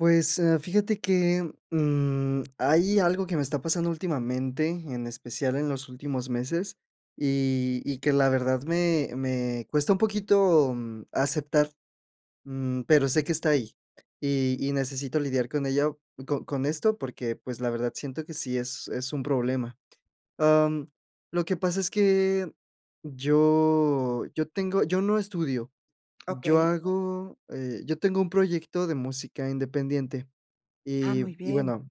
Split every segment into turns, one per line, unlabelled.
Pues, eh, fíjate que, mm, hay algo que me está pasando últimamente, en especial en los últimos meses, y y que la verdad me me cuesta un poquito aceptar, mm, pero sé que está ahí. Y y necesito lidiar con ello, co con esto porque, pues, la verdad, siento que sí es es un problema, am, lo que pasa es que yo yo tengo, yo no estudio. Yo
Okey.
hago, eh, yo tengo un proyecto de música independiente.
Ah,
Y
muy
y
bien.
bueno,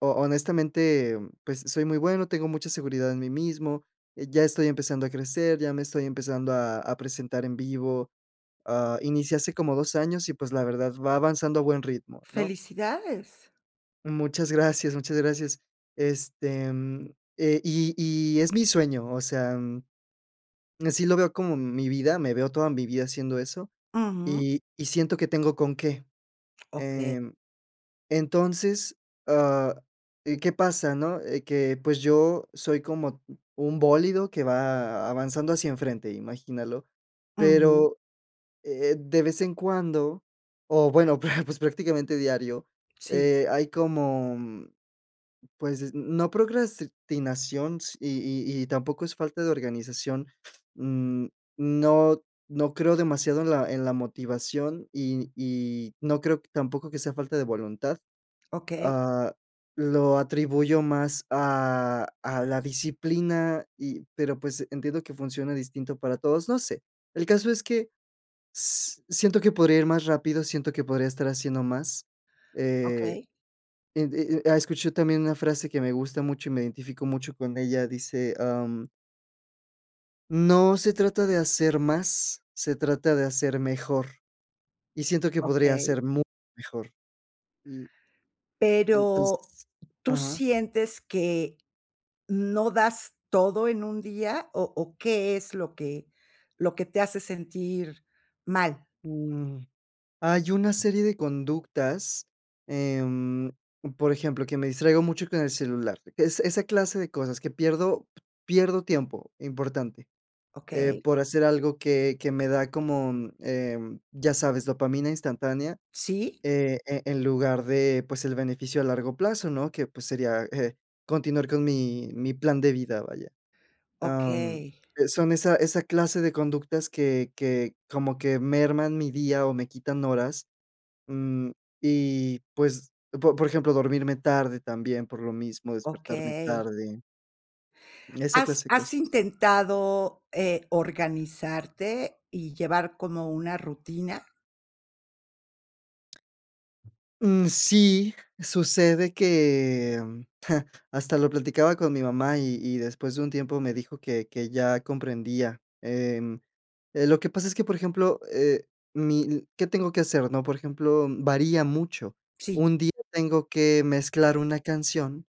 ho honestamente, pues soy muy bueno, tengo mucha seguridad en mí mismo. Eh, ya estoy empezando a crecer, ya me estoy empezando a a presentar en vivo, ah, inicié hace como 2 años y, pues, la verdad va avanzando a buen ritmo, ¿no?
Felicidades.
Muchas gracias, muchas gracias. Este, eh y y es mi sueño, o sea, mm, así lo veo como mi vida, me veo toda mi vida haciendo eso,
Ujú.
y y siento que tengo con qué.
Okey.
Em, entonces, ah, eh ¿qué pasa?, ¿no? Eh que, pues, yo soy como un bólido que va avanzando hacia enfrente, imagínalo.
Ujú.
Pero, eh, de vez en cuando, o bueno, pues pues prácticamente diario,
Sí.
eh, hay como, pues, no procrastinación y y y tampoco es falta de organización. Mm, no no creo demasiado en la en la motivación y y no creo tampoco que sea falta de voluntad.
Okey.
Ah, lo atribuyo más a a la disciplina y, pero, pues, entiendo que funciona distinto para todos, no sé. El caso es que si siento que podría ir más rápido, siento que podría estar haciendo más, eh,
Okey.
e e e escucho también una frase que me gusta mucho y me identifico mucho con ella, dice, am "no se trata de hacer más, se trata de hacer mejor", y siento que podría
Okey.
ser mucho mejor. Y
Pero,
entonces,
¿tú
Ajá.
sientes que no das todo en un día o o qué es lo que lo que te hace sentir mal?
Mm. Hay una serie de conductas, em, por ejemplo, que me distraigo mucho con el celular, que es esa clase de cosas que pierdo pierdo tiempo, importante, eh
Okey.
por hacer algo que que me da como, em, ¿ya sabes?, dopamina instantánea,
Sí.
eh, e en lugar de, pues, el beneficio a largo plazo, ¿no? Que, pues, sería eh continuar con mi mi plan de vida, vaya. Am,
Okey.
eh, son esa esa clase de conductas que que como que merman mi día o me quitan horas, mm, y, pues, por por ejemplo, dormirme tarde también por lo mismo, despertarme
Okey.
tarde esa
¿Has
clase de
has
cosas.
intentado eh, organizarte y llevar como una rutina?
Mm, sí. Sucede que, mm, hasta lo platicaba con mi mamá y y después de un tiempo me dijo que que ya comprendía, em, eh, lo que pasa es que, por ejemplo, eh, mi l ¿qué tengo que hacer, no? Por ejemplo, varía mucho.
Sí.
Un día tengo que mezclar una canción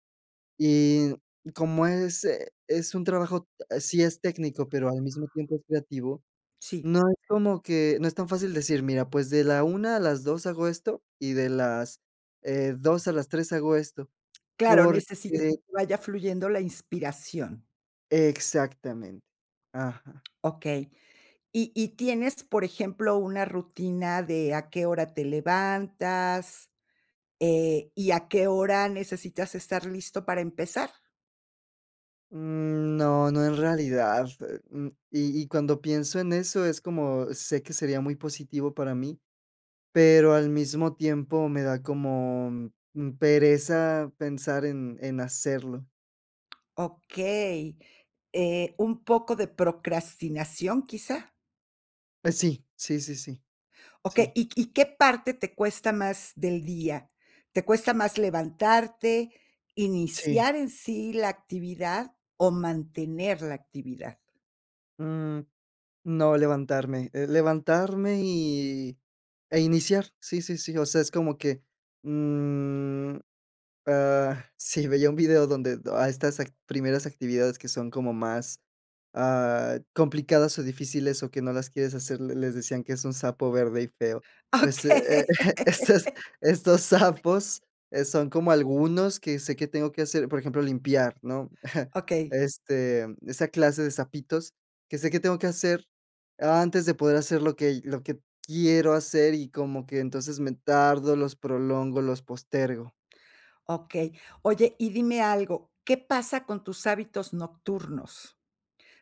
y como es, eh, es un trabajo, ah, sí es técnico, pero al mismo tiempo es creativo,
Sí.
no es como que no es tan fácil decir: "Mira, pues, de la 1:00 a las 2:00 hago esto y de las, eh, 2:00 a las 3:00 hago esto,
Claro,
porque
necesita que vaya fluyendo la inspiración.
Exactamente, ajá.
Okey. Y y, ¿tienes, por ejemplo, una rutina de a qué hora te levantas, eh, y a qué hora necesitas estar listo para empezar?
Mm, no, no, en realidad, eh, mm, y y cuando pienso en eso, es como, sé que sería muy positivo para mí, pero al mismo tiempo, me da como, mm, pereza pensar en en hacerlo.
Okey. Eh, ¿un poco de procrastinación, quizá?
Pues sí, sí, sí, sí,
Okey,
sí.
¿y y qué parte te cuesta más del día? ¿Te cuesta más levantarte,
Sí.
iniciar en sí la actividad o mantener la actividad?
Mm, no, levantarme, eh, levantarme y, eh, iniciar. Sí, sí, sí, o sea, es como que, mm, ah, sí, veía un video donde a estas act primeras actividades que son como más, ah, complicadas o difíciles o que no las quieres hacer, le les decían que es "un sapo verde y feo". Pues, eh,
Okey.
e estos estos sapos, eh, son como algunos que sé que tengo que hacer, por ejemplo, limpiar, ¿no?,
Okey.
este, esa clase de sapitos, que sé que tengo que hacer, antes de poder hacer lo que lo que quiero hacer y como que, entonces, me tardo, los prolongo, los postergo.
Okey. Oye, y dime algo, ¿qué pasa con tus hábitos nocturnos?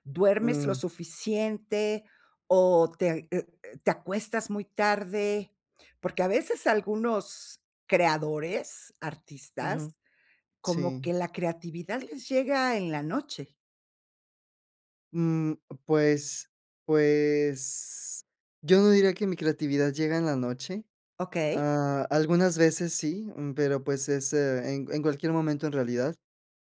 ¿Duermes lo
Mm.
suficiente o te eh eh, te acuestas muy tarde?, porque a veces algunos creadores, artistas,
Ujú.
como
Sí.
que la creatividad les llega en la noche.
Mm, pues pues yo no diría que mi creatividad llega en la noche.
Okey.
Ah, algunas veces sí, mm, pero, pues, es eh, en en cualquier momento en realidad.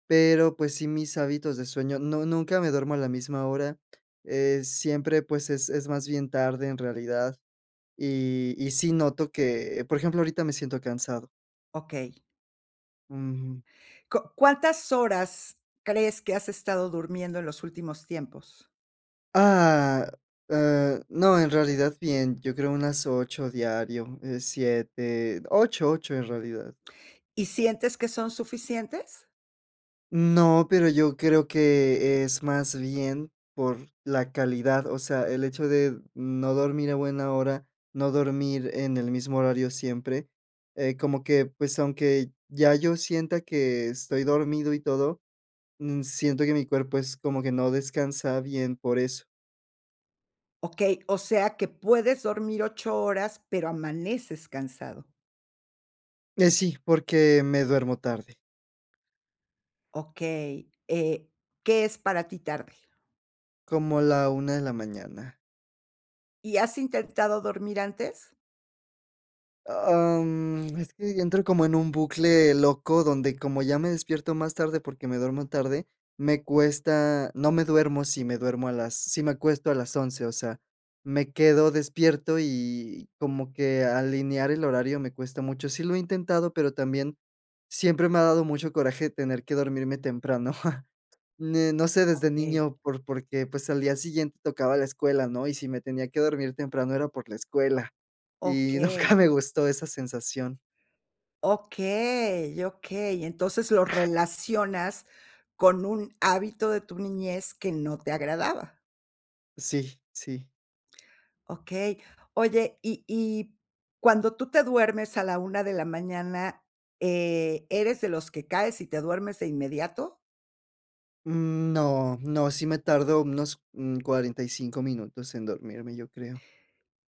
Pero, pues, sí, mis hábitos de sueño no nunca me duermo a la misma hora. Eh, siempre, pues es es más bien tarde en realidad, y y sí noto que, por ejemplo, ahorita me siento cansado.
Okey.
Ujú.
¿Co cuántas horas crees que has estado durmiendo en los últimos tiempos?
Ah, eh, no, en realidad, bien. Yo creo unas 8 diario, eh, 7, 8, 8 en realidad.
¿Y sientes que son suficientes?
No, pero yo creo que es más bien por la calidad, o sea, el hecho de no dormir a buena hora, no dormir en el mismo horario siempre, eh, como que, pues, aunque ya yo sienta que estoy dormido y todo, mm, siento que mi cuerpo es como que no descansa bien por eso.
Okey, o sea que puedes dormir 8 horas, pero amaneces cansado.
Eh, sí, porque me duermo tarde.
Okey, eh, ¿qué es para ti, tarde?
Como a la 1 de la mañana.
¿Y has intentado dormir antes?
Am, es que yo entro como en un bucle loco donde, como ya me despierto más tarde, porque me duermo tarde, me cuesta no me duermo si me duermo a las si me acuesto a las 11 o sea, me quedo despierto, y como que alinear el horario me cuesta mucho. Sí lo he intentado, pero también, siempre me ha dado mucho coraje tener que dormirme temprano. Em, no sé desde
Okey.
niño por porque, pues, al día siguiente tocaba la escuela, ¿no? Y si me tenía que dormir temprano era por la escuela. Y nunca
Okey.
me gustó esa sensación.
Okey, okey. Entonces, lo relacionas con un hábito de tu niñez que no te agradaba.
Sí, sí.
Okey. Oye, y y cuando tú te duermes a la 1 de la mañana. Eh, ¿eres de los que caes y te duermes de inmediato?
Mm, no, no, sí me tardo unos, mm, 45 minutos en dormirme, yo creo.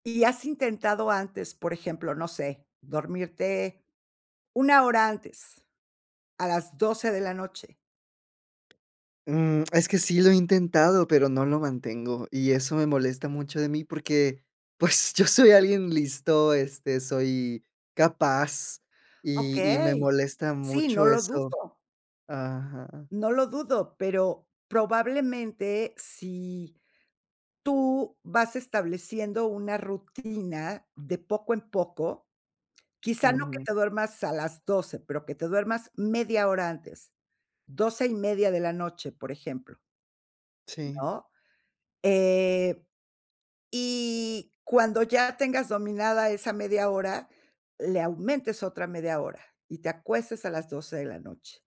¿Y has intentado antes, por ejemplo, no sé, dormirte una hora antes, a las 12:00 de la noche?
Mm, es que sí lo he intentado, pero no lo mantengo. Y eso me molesta mucho de mí, porque, pues, yo soy alguien listo, este, soy capaz, y y me
Okey.
molesta
Sí, no
mucho
lo
eso
dudo.
aja.
No lo dudo, pero probablemente, si tú vas estableciendo una rutina de poco en poco, quizá no que
Ujú.
te duermas a las 12:00, pero que te duermas media hora antes, 12:30 de la noche, por ejemplo.
Sí.
¿No?, eh, y cuando ya tengas dominada esa media hora, le aumentes otra media hora, y te acuestes a las 12:00 de la noche.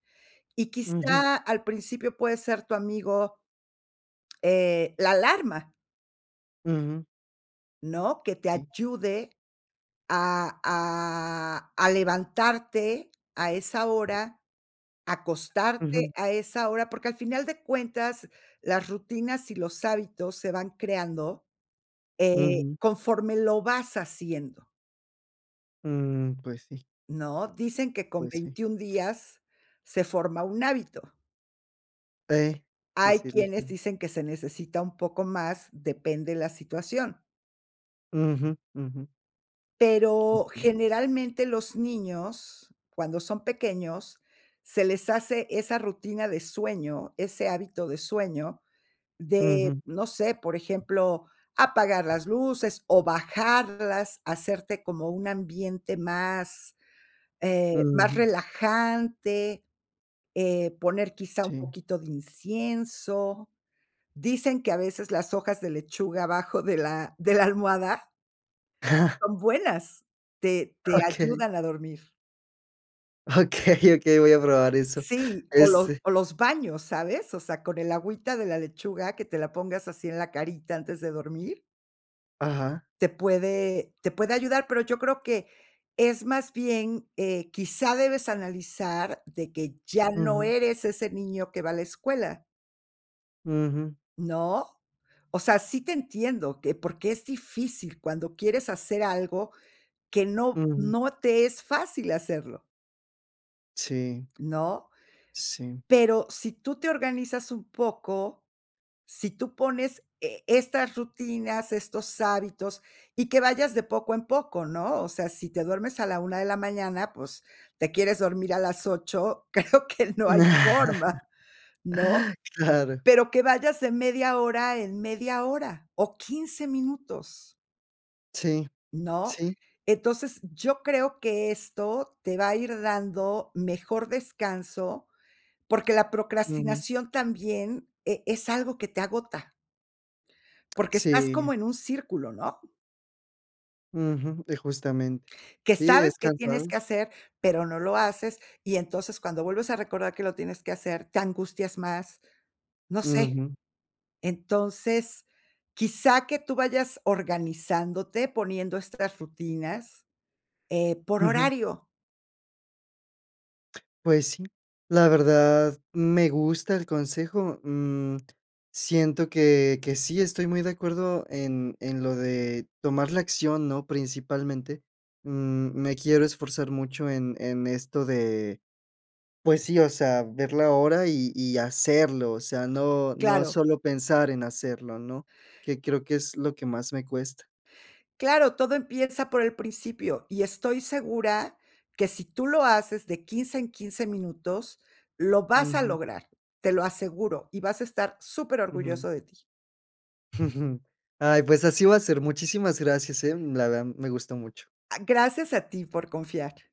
Y
Ujú.
quizá, al principio, puede ser tu amigo E h, la alarma.
Ujú.
¿No? Que te
Sí.
ayude a a a levantarte a esa hora, acostarte
Ujú.
a esa hora, porque al final de cuentas, las rutinas y los hábitos se van creando, eh,
Ujú.
conforme lo vas haciendo.
Mm, pues, sí.
¿No? Dicen que con
Pues sí.
21 días se forma un hábito.
Pe Sí,
Hay
así
quienes
dicen.
dicen que se necesita un poco más, depende la situación.
Ujú, ujú.
Pero
Ujú.
generalmente, los niños, cuando son pequeños, se les hace esa rutina de sueño, ese hábito de sueño de,
Ujú.
no sé, por ejemplo, apagar las luces, o bajarlas, hacerte como un ambiente más, eh, más
Ujú.
relajante, eh, poner quizá, un
Sí.
poquito de incienso. Dicen que, a veces, las hojas de lechuga abajo de la de la almohada son buenas, te te
Okey.
ayudan a dormir.
Okey, okey, voy a probar eso
Sí, o lo
ese.
o los baños, ¿sabes? O sea, con el agüita de la lechuga, que te la pongas así en la carita antes de dormir.
Ajá.
Te puede te puede ayudar, pero yo creo que, es más bien, eh, quizá debes analizar de que ya no
Ujú.
eres ese niño que va a la escuela.
Ujú.
¿No? O sea, sí te entiendo, que, porque es difícil cuando quieres hacer algo que no
Ujú.
no te es fácil hacerlo.
Sí.
¿No?
Sí.
Pero si tú te organizas un poco, si tú pones e estas rutinas, estos hábitos, y que vayas de poco en poco, ¿no? O sea, si te duermes a la 1 de la mañana, pues, te quieres dormir a las 8, creo que no hay forma, ¿no?
Claro.
Pero que vayas de media hora en media hora, o 15 minutos.
Sí.
¿No?
Sí.
Entonces, yo creo que esto te va a ir dando mejor descanso, porque la
Ujú.
procrastinación también e es algo que te agota. Porque estás como
Sí.
en un círculo, ¿no?
Ujú, y justamente.
Que
Sí, es
sabes que tienes
cansado.
que hacer, pero no lo haces, y entonces cuando vuelves a recordar que lo tienes que hacer, te angustias más, no sé.
Ujú.
Entonces, quizá que tú vayas organizándote, poniendo estas rutinas, eh, por
Ujú.
horario.
Pues sí, la verdad me gusta el consejo, mm, siento que, que sí estoy muy de acuerdo en en lo de tomar la acción, ¿no?, principalmente, mm, me quiero esforzar mucho en en esto de, pues sí, o sea, ver la hora, y y hacerlo, o sea, no, no
Claro.
solo pensar en hacerlo, ¿no?, que creo que es lo que más me cuesta.
Claro, todo empieza por el principio y estoy segura que, si tú lo haces de 15 en 15 minutos lo vas a
Ujú.
lograr, te lo aseguro, y vas a estar súper
Ujú.
orgulloso de ti.
Ay, pues así va a ser, muchísimas gracias, eh, la verdad me gustó mucho.
Ah, gracias a ti por confiar.